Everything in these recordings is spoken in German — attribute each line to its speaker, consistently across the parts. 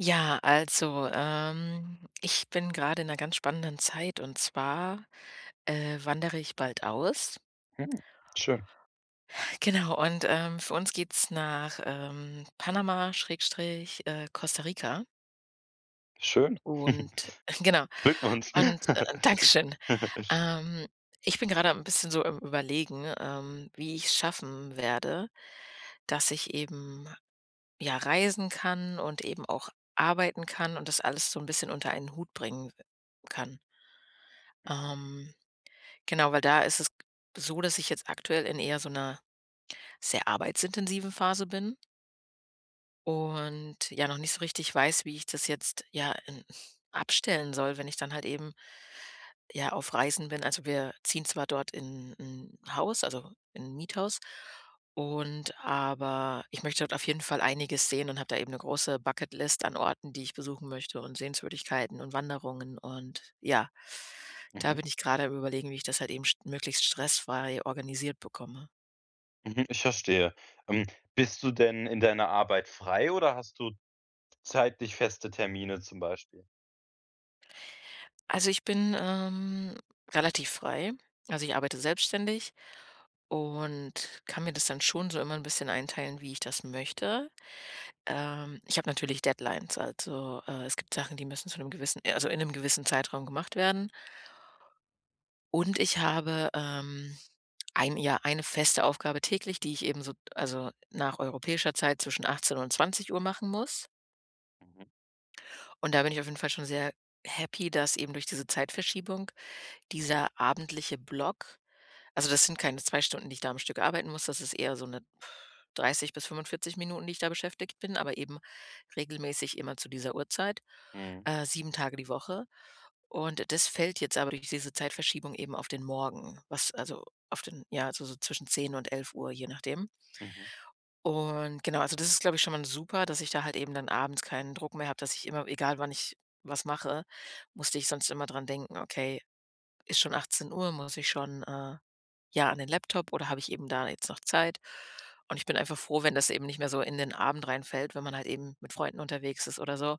Speaker 1: Ja, also, ähm, ich bin gerade in 'ner ganz spannenden Zeit und zwar, äh, wandere ich bald aus.
Speaker 2: Hm, schön.
Speaker 1: Genau und, ähm, für uns geht's nach, ähm, Panama Schrägstrich, äh, Costa Rica.
Speaker 2: Schön.
Speaker 1: Und genau
Speaker 2: Glückwunsch.
Speaker 1: und äh, Dankeschön. Ähm, ich bin gerade am 'n bisschen so am Überlegen, ähm, wie ich's schaffen werde, dass ich eben, ja, reisen kann und eben auch arbeiten kann und das alles so 'n bisschen unter einen Hut bringen kann.
Speaker 2: Mhm.
Speaker 1: Ähm, genau, weil da ist es so, dass ich jetzt aktuell in eher so 'ner sehr arbeitsintensiven Phase bin. Und ja noch nicht so richtig weiß, wie ich das jetzt ja, äh, abstellen soll, wenn ich dann halt eben ja auf Reisen bin. Also, wir ziehen zwar dort in in 'n Haus, also, in 'n Miethaus und aber ich möchte dort auf jeden Fall einiges sehen und habe da eben 'ne große Bucket List an Orten, die ich besuchen möchte und Sehenswürdigkeiten und Wanderungen und ja. Da
Speaker 2: Mhm.
Speaker 1: bin ich gerade am überlegen, wie ich das halt eben st möglichst stressfrei organisiert bekomme.
Speaker 2: Mhm, ich verstehe. Ähm, bist du denn in deiner Arbeit frei oder hast du zeitlich feste Termine zum Beispiel?
Speaker 1: Also, ich bin, ähm, relativ frei. Also, ich arbeite selbstständig und kann mir das dann schon so immer 'n bisschen einteilen, wie ich das möchte. Ähm, ich habe natürlich Deadlines, also, äh, es gibt Sachen, die müssen zu 'nem gewissen, äh also, in 'nem gewissen Zeitraum gemacht werden. Und ich habe, ähm, ein, ja eine feste Aufgabe täglich, die ich eben so also, nach europäischer Zeit zwischen 18:00 und 20:00 machen muss.
Speaker 2: Mhm.
Speaker 1: Und da bin ich auf jeden Fall schon sehr happy, dass eben durch diese Zeitverschiebung dieser abendliche Block also, das sind keine 2 Stunden, die ich da am Stück arbeiten muss, das ist eher so 'ne, 30 bis 45 Minuten, die ich da beschäftigt bin, aber eben regelmäßig immer zu dieser Uhrzeit,
Speaker 2: Mhm.
Speaker 1: äh, 7 Tage die Woche. Und das fällt jetzt aber durch diese Zeitverschiebung eben auf den Morgen, was also, auf den, ja also, so zwischen 10:00 und 11:00, je nachdem.
Speaker 2: Mhm.
Speaker 1: Und genau, also, das ist, glaube ich, schon mal super, dass ich da halt eben dann abends keinen Druck mehr habe, dass ich immer egal wann ich was mache, musste ich sonst immer dran denken: „Okay, ist schon 18:00, muss ich schon, äh, ja, an den Laptop oder habe ich eben da jetzt noch Zeit?“ Und ich bin einfach froh, wenn das eben nicht mehr so in den Abend reinfällt, wenn man halt eben mit Freunden unterwegs ist oder so,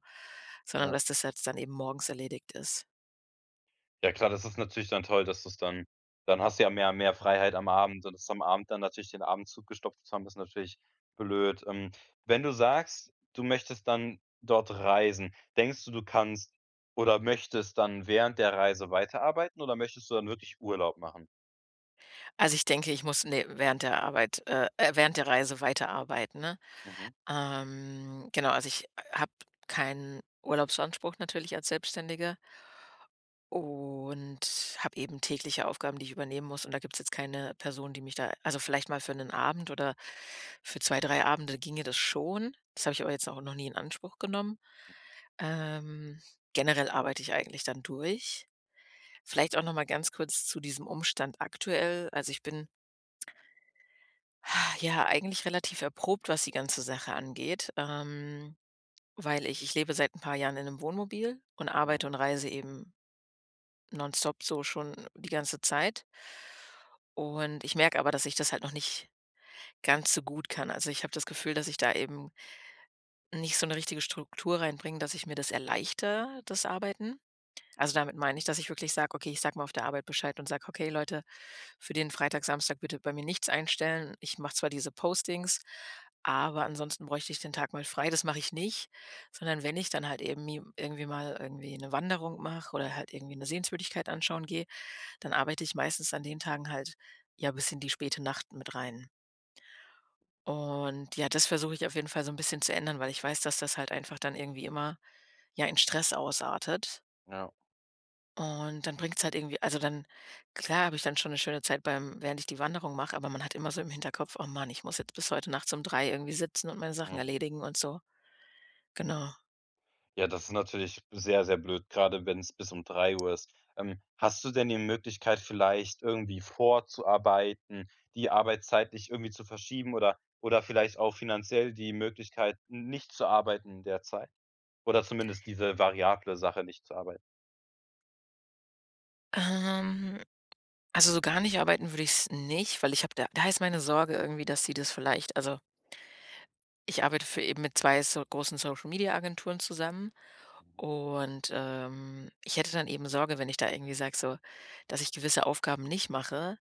Speaker 1: sondern
Speaker 2: Ja.
Speaker 1: dass das jetzt dann eben morgens erledigt ist.
Speaker 2: Ja klar, das ist natürlich dann toll, dass du's dann dann hast du ja mehr und mehr Freiheit am Abend und dass am Abend dann natürlich den Abend zugestopft zu haben, ist natürlich blöd. Ähm, wenn du sagst, du möchtest dann dort reisen, denkst du, du kannst oder möchtest dann während der Reise weiterarbeiten oder möchtest du dann wirklich Urlaub machen?
Speaker 1: Also, ich denke, ich muss ne, während der Arbeit äh, äh, während der Reise weiterarbeiten, ne?
Speaker 2: Mhm.
Speaker 1: Ähm. Genau, also, ich habe keinen Urlaubsanspruch natürlich als Selbstständige. Und habe eben tägliche Aufgaben, die ich übernehmen muss, und da gibt's jetzt keine Person, die mich da also, vielleicht mal für 'nen Abend oder für 2, 3 Abende, ginge das schon. Das habe ich aber jetzt auch noch nie in Anspruch genommen. Ähm, generell arbeite ich eigentlich dann durch. Vielleicht auch noch mal ganz kurz zu diesem Umstand aktuell. Also, ich bin ja, eigentlich relativ erprobt, was die ganze Sache angeht, ähm, weil ich ich lebe seit 'n paar Jahren in 'nem Wohnmobil und arbeite
Speaker 2: Mhm.
Speaker 1: und reise eben nonstop so schon die ganze Zeit. Und ich merke aber, dass ich das halt noch nicht ganz so gut kann. Also, ich habe das Gefühl, dass ich da eben nicht so 'ne richtige Struktur reinbringe, dass ich mir das erleichter, das Arbeiten. Also, damit meine ich, dass ich wirklich sag, okay, ich sage mal auf der Arbeit Bescheid und sage: „Okay, Leute, für den Freitag, Samstag bitte bei mir nichts einstellen. Ich mache zwar diese Postings, aber ansonsten bräuchte ich den Tag mal frei“, das mach ich nicht. Sondern wenn ich dann halt eben mi irgendwie mal irgendwie 'ne Wanderung mache oder halt irgendwie 'ne Sehenswürdigkeit anschauen gehe, dann arbeite ich meistens an den Tagen halt, ja, bis in die späte Nacht mit rein. Und ja, das versuche ich auf jeden Fall so 'n bisschen zu ändern, weil ich weiß, dass das halt einfach dann irgendwie immer, ja, in Stress ausartet.
Speaker 2: Ja.
Speaker 1: Und dann bringt's halt irgendwie also, dann klar habe ich dann schon 'ne schöne Zeit beim während ich die Wanderung mache, aber man hat immer so im Hinterkopf: „Oh man ich muss jetzt bis heute nachts um 03:00 irgendwie sitzen und meine Sachen
Speaker 2: Mhm.
Speaker 1: erledigen und so.“
Speaker 2: Ja.
Speaker 1: Genau.
Speaker 2: Ja, das ist natürlich sehr, sehr blöd gerade, wenn's bis um 03:00 ist. Ähm, hast du denn die Möglichkeit vielleicht, irgendwie vorzuarbeiten, die Arbeitszeit nicht irgendwie zu verschieben oder oder vielleicht auch finanziell die Möglichkeit, n nicht zu arbeiten der Zeit? Oder zumindest diese variable Sache, nicht zu arbeiten?
Speaker 1: Ähm, also, so gar nicht arbeiten würde ich's nicht, weil ich habe da da ist meine Sorge irgendwie, dass sie das vielleicht, also ich arbeite für eben mit 2 so großen Social Media Agenturen zusammen
Speaker 2: Mhm.
Speaker 1: und, ähm, ich hätte dann eben Sorge, wenn ich da irgendwie sage, so, dass ich gewisse Aufgaben nicht mache,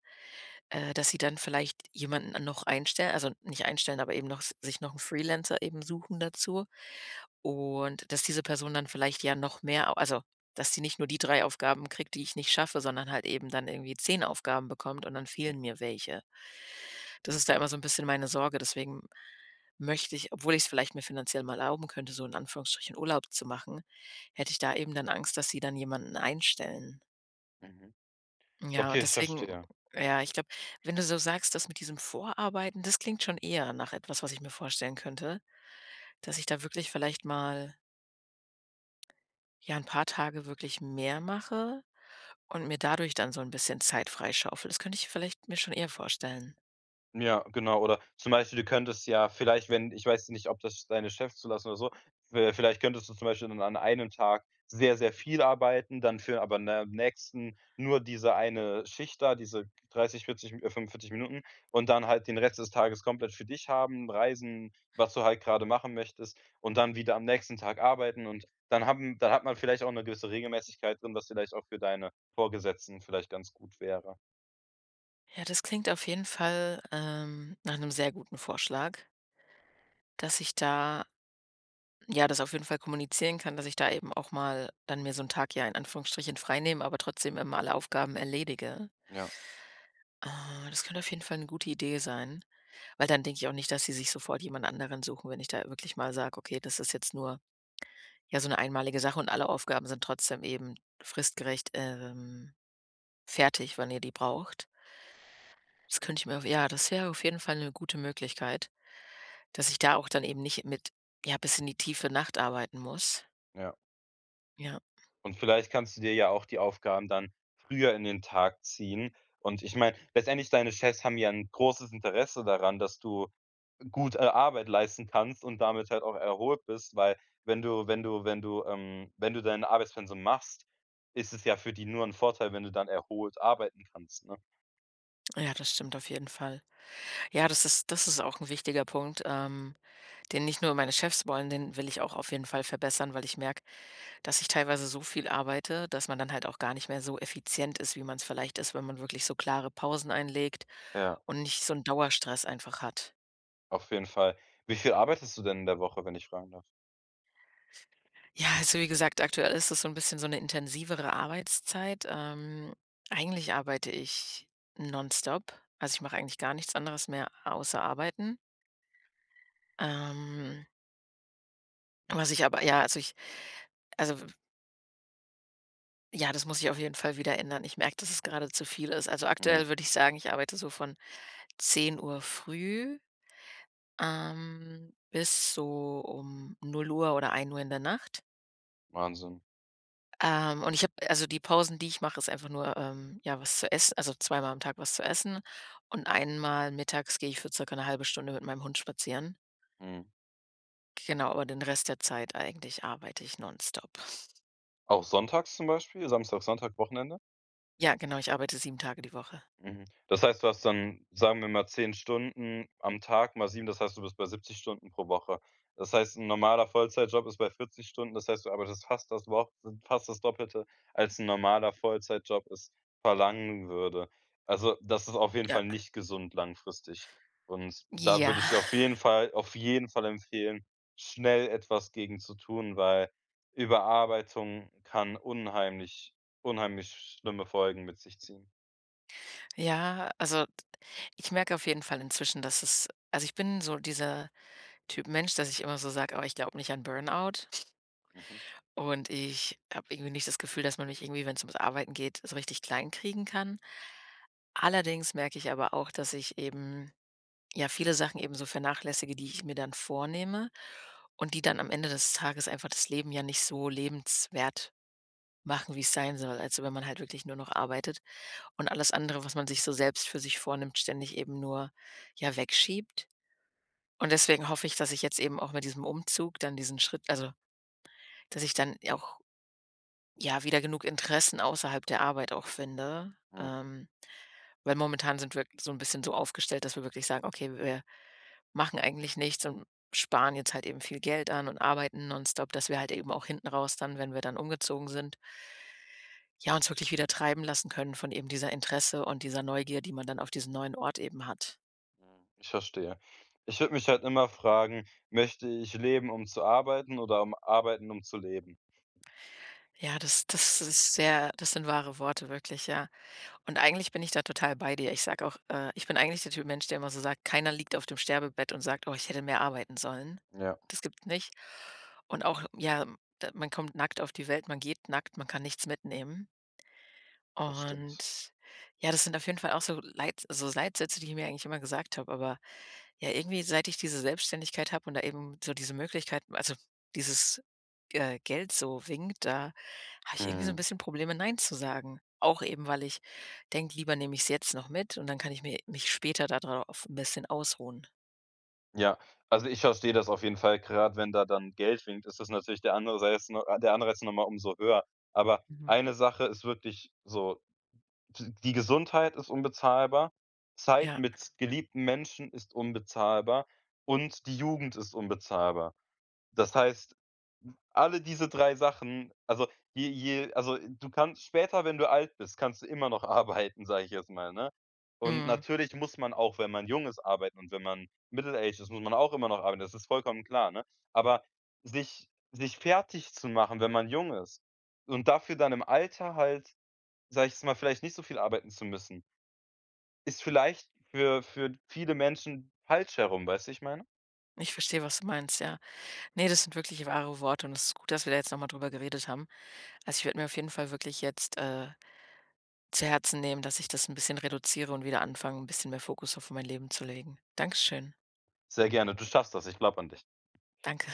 Speaker 1: äh, dass sie dann vielleicht jemanden noch einstellen, also, nicht einstellen, aber eben noch sich noch 'n Freelancer eben suchen dazu. Und, dass diese Person dann vielleicht ja noch mehr au also, dass sie nicht nur die 3 Aufgaben kriegt, die ich nicht schaffe, sondern halt eben dann irgendwie 10 Aufgaben bekommt und dann fehlen
Speaker 2: Mhm.
Speaker 1: mir welche. Das ist da immer so 'n bisschen meine Sorge, deswegen möchte ich, obwohl ich's vielleicht mir finanziell mal erlauben könnte, so in Anführungsstrichen, Urlaub zu machen, hätte ich da eben dann Angst, dass sie dann jemanden einstellen.
Speaker 2: Mhm.
Speaker 1: Ja,
Speaker 2: Okay,
Speaker 1: und
Speaker 2: ich
Speaker 1: deswegen
Speaker 2: verstehe.
Speaker 1: ja, ich glaube, wenn du so sagst, dass mit diesem Vorarbeiten, das klingt schon eher nach etwas, was ich mir vorstellen könnte, dass ich da wirklich vielleicht mal ja, 'n paar Tage wirklich mehr mache und mir dadurch dann so 'n bisschen Zeit freischaufel. Das könnte ich vielleicht mir schon eher vorstellen.
Speaker 2: Ja, genau. Oder zum Beispiel, du könntest ja vielleicht, wenn ich weiß ja nicht, ob das deine Chefs zulassen oder so, w vielleicht könntest du zum Beispiel dann an einem Tag sehr, sehr viel arbeiten, dann für aber in der nächsten nur diese 1 Schicht da, diese 30, 40, äh, 45 Minuten und dann halt den Rest des Tages komplett für dich haben, reisen, was du halt grade machen möchtest und dann wieder am nächsten Tag arbeiten. Und dann haben dann hat man vielleicht auch 'ne gewisse Regelmäßigkeit drin, was vielleicht auch für deine Vorgesetzten vielleicht ganz gut wäre.
Speaker 1: Ja, das klingt auf jeden Fall, ähm, nach 'nem sehr guten Vorschlag. Dass ich da ja, das auf jeden Fall kommunizieren kann, dass ich da eben auch mal dann mir so 'n Tag Jahr in Anführungsstrichen freinehmen, aber trotzdem immer alle Aufgaben erledige.
Speaker 2: Ja.
Speaker 1: Äh, das könnte auf jeden Fall 'ne gute Idee sein, weil dann denke ich auch nicht, dass sie sich sofort jemand anderen suchen, wenn ich da wirklich mal sage: „Okay, das ist jetzt nur, ja, so 'ne einmalige Sache und alle Aufgaben sind trotzdem eben fristgerecht, ähm, fertig, wenn ihr die braucht.“ Das könnte ich mir ja, das wäre auf jeden Fall 'ne gute Möglichkeit, dass ich da auch dann eben nicht mit ja, bis in die tiefe Nacht arbeiten muss.
Speaker 2: Ja.
Speaker 1: Ja.
Speaker 2: Und vielleicht kannst du dir ja auch die Aufgaben dann früher in den Tag ziehen. Und ich meine, letztendlich, deine Chefs haben ja 'n großes Interesse daran, dass du gut, äh, Arbeit leisten kannst und damit halt auch erholt bist, weil wenn du wenn du wenn du ähm, wenn du dein Arbeitspensum machst, ist es ja für die nur 'n Vorteil, wenn du dann erholt arbeiten kannst, ne?
Speaker 1: Ja, das stimmt auf jeden Fall. Ja, das ist das ist auch 'n wichtiger Punkt, ähm, den nicht nur meine Chefs wollen, den will ich auch auf jeden Fall verbessern, weil ich merke, dass ich teilweise so viel arbeite, dass man dann halt auch gar nicht mehr so effizient ist, wie man's vielleicht ist, wenn man wirklich so klare Pausen einlegt
Speaker 2: Ja.
Speaker 1: und nicht so 'n Dauerstress einfach hat.
Speaker 2: Auf jeden Fall. Wie viel arbeitest du denn in der Woche, wenn ich fragen darf?
Speaker 1: Ja, also, wie gesagt, aktuell ist das so 'n bisschen so 'ne intensivere Arbeitszeit. Ähm, eigentlich arbeite ich nonstop, also, ich mache eigentlich gar nichts anderes mehr außer arbeiten. Ähm was ich aber ja also ich also, w ja, das muss ich auf jeden Fall wieder ändern. Ich merke, dass es gerade zu viel ist. Also,
Speaker 2: Mhm.
Speaker 1: aktuell würde ich sagen, ich arbeite so von 10:00 früh, ähm, bis so um 0:00 oder 01:00 in der Nacht.
Speaker 2: Wahnsinn.
Speaker 1: Ähm, und ich habe also, die Pausen, die ich mache, ist einfach nur, ähm, ja, was zu ess also, zweimal am Tag was zu essen. Und einmal mittags gehe ich für ca. 'ne 1/2 Stunde mit meinem Hund spazieren.
Speaker 2: Mhm.
Speaker 1: Genau, aber den Rest der Zeit eigentlich arbeite ich nonstop.
Speaker 2: Auch sonntags zum Beispiel, Samstag, Sonntag, Wochenende?
Speaker 1: Ja, genau, ich arbeite 7 Tage die Woche.
Speaker 2: Mhm. Das heißt, du hast dann, sagen wir mal, 10 Stunden am Tag mal 7, das heißt, du bist bei 70 Stunden pro Woche. Das heißt, 'n normaler Vollzeitjob ist bei 40 Stunden, das heißt, du arbeitest fast das Wo fast das Doppelte, als 'n normaler Vollzeitjob es verlangen würde. Also, das ist auf jeden
Speaker 1: Ja.
Speaker 2: Fall nicht gesund langfristig. Und da
Speaker 1: Ja.
Speaker 2: würde ich dir auf jeden Fall auf jeden Fall empfehlen, schnell etwas gegen zu tun, weil Überarbeitung kann unheimlich, unheimlich schlimme Folgen mit sich ziehen.
Speaker 1: Ja, also, ich merke auf jeden Fall inzwischen, dass es also, ich bin so dieser Typ Mensch, dass ich immer so sage: „Oh, ich glaube nicht an Burnout.“
Speaker 2: Mhm.
Speaker 1: Und ich habe irgendwie nicht das Gefühl, dass man mich irgendwie, wenn's ums Arbeiten geht, so richtig klein kriegen kann. Allerdings merke ich aber auch, dass ich eben ja, viele Sachen eben so vernachlässige, die ich mir dann vornehme und die dann am Ende des Tages einfach das Leben ja nicht so lebenswert machen, wie es sein soll. Also, wenn man halt wirklich nur noch arbeitet und alles andere, was man sich so selbst für sich vornimmt, ständig eben nur, ja, wegschiebt. Und deswegen hoffe ich, dass ich jetzt eben auch mit diesem Umzug dann diesen Schritt also, dass ich dann auch, ja, wieder genug Interessen außerhalb der Arbeit auch finde.
Speaker 2: Mhm.
Speaker 1: Ähm, weil momentan sind wir so 'n bisschen so aufgestellt, dass wir wirklich sagen: „Okay, wir machen eigentlich nichts und sparen jetzt halt eben viel Geld an“ und arbeiten nonstop, dass wir halt eben auch hinten raus dann, wenn wir dann umgezogen sind ja uns wirklich wieder treiben lassen können von eben dieser Interesse und dieser Neugier, die man dann auf diesen neuen Ort eben hat.
Speaker 2: Hm, ich verstehe. Ich würde mich halt immer fragen: „Möchte ich leben, um zu arbeiten, oder um arbeiten, um zu leben?“
Speaker 1: Ja, das das ist sehr das sind wahre Worte wirklich, ja. Und eigentlich bin ich da total bei dir. Ich sage auch äh, ich bin eigentlich der Typ Mensch, der immer so sagt, keiner liegt auf dem Sterbebett und sagt: „Oh, ich hätte mehr arbeiten sollen.“
Speaker 2: Ja.
Speaker 1: Das gibt's nicht. Und auch ja, d man kommt nackt auf die Welt, man geht nackt, man kann nichts mitnehmen.
Speaker 2: Das stimmt.
Speaker 1: Und ja, das sind auf jeden Fall auch so Leit so Leitsätze, die ich mir eigentlich immer gesagt habe, aber, ja, irgendwie seit ich diese Selbstständigkeit habe und da eben so diese Möglichkeit also, dieses, äh, Geld so winkt, da habe ich irgendwie so 'n
Speaker 2: Mhm.
Speaker 1: bisschen Probleme „Nein“ zu sagen. Auch eben, weil ich denke, lieber nehme ich es jetzt noch mit und dann kann ich mir mich später da drauf 'n bisschen ausruhen.
Speaker 2: Ja, also, ich verstehe das auf jeden Fall, gerade wenn da dann Geld winkt, ist das natürlich der Anseiz ne, der Anreiz ist noch mal umso höher. Aber
Speaker 1: Mhm.
Speaker 2: eine Sache ist wirklich so, d die Gesundheit ist unbezahlbar, Zeit
Speaker 1: Ja.
Speaker 2: mit geliebten Menschen ist unbezahlbar und die Jugend ist unbezahlbar. Das heißt, alle diese 3 Sachen also, je je also, du kannst später, wenn du alt bist, kannst du immer noch arbeiten, sage ich jetzt mal, ne? Und
Speaker 1: Mhm.
Speaker 2: natürlich muss man auch, wenn man jung ist, arbeiten und wenn man middle-aged ist, muss man auch immer noch arbeiten. Das ist vollkommen klar, ne? Aber sich sich fertigzumachen, wenn man jung ist und dafür dann im Alter halt, sage ich jetzt mal, vielleicht nicht so viel arbeiten zu müssen ist vielleicht für für viele Menschen falsch herum, weißt du, wie ich meine?
Speaker 1: Ich verstehe, was du meinst, ja. Ne, das sind wirklich wahre Worte und es ist gut, dass wir da jetzt noch mal drüber geredet haben. Also, ich würde mir auf jeden Fall wirklich jetzt, äh, zu Herzen nehmen, dass ich das 'n bisschen reduziere und wieder anfange, 'n bisschen mehr Fokus auf mein Leben zu legen. Danke schön.
Speaker 2: Sehr gerne, du schaffst das, ich glaube an dich.
Speaker 1: Danke.